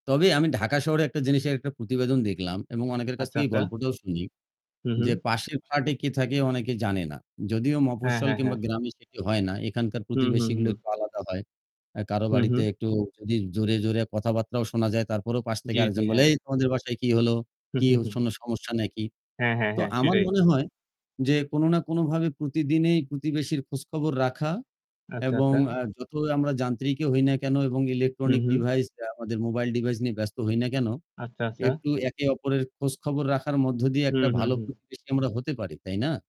তবে আমি ঢাকা শহরে একটা জিনিসের একটা প্রতিবেদন দেখলাম এবং অনেকের কাছ আচ্ছা, থেকে এই আচ্ছা। গল্পটাও শুনি। হুম, হুম। যে পাশের ফ্ল্যাটে কে থাকে অনেকে জানে না। যদিও হ্যাঁ, মফস্বল হ্যাঁ, কিংবা হ্যাঁ। গ্রামে সেটি হয় না। এখানকার হুম, হুম, প্রতিবেশীগুলো হুম। একটু আলাদা হয়। এ্যা কারো হুম, বাড়িতে হুম একটু যদি জোরে, জোরে, কথাবার্তাও শোনা যায় তারপরও পাশ থেকে জি, জি, আরেকজন বলে, হ্যাঁ। "এই তোমাদের বাসায় কি হলো? হু, কি হু, হু, শোনো হু। সমস্যা নাকি?" হ্যাঁ, হ্যাঁ, তো হ্যাঁ, আমার সেটাই। মনে হয় যে কোনো না কোনভাবে প্রতিদিনই প্রতিবেশীর খোঁজখবর রাখা আচ্ছা, এবং আচ্ছা। আ যত আমরা যান্ত্রিকই হই না কেনো এবং হুম, ইলেকট্রনিক হুম। ডিভাইসটা আমাদের মোবাইল ডিভাইস নিয়ে ব্যস্ত হই না কেনো, আচ্ছা, আচ্ছা। একটু একে অপরের খোঁজখবর রাখার মধ্য দিয়ে একটা হুম, হুম, ভালো হুম। প্রতিবেশী আমরা হতে পারি, তাই না?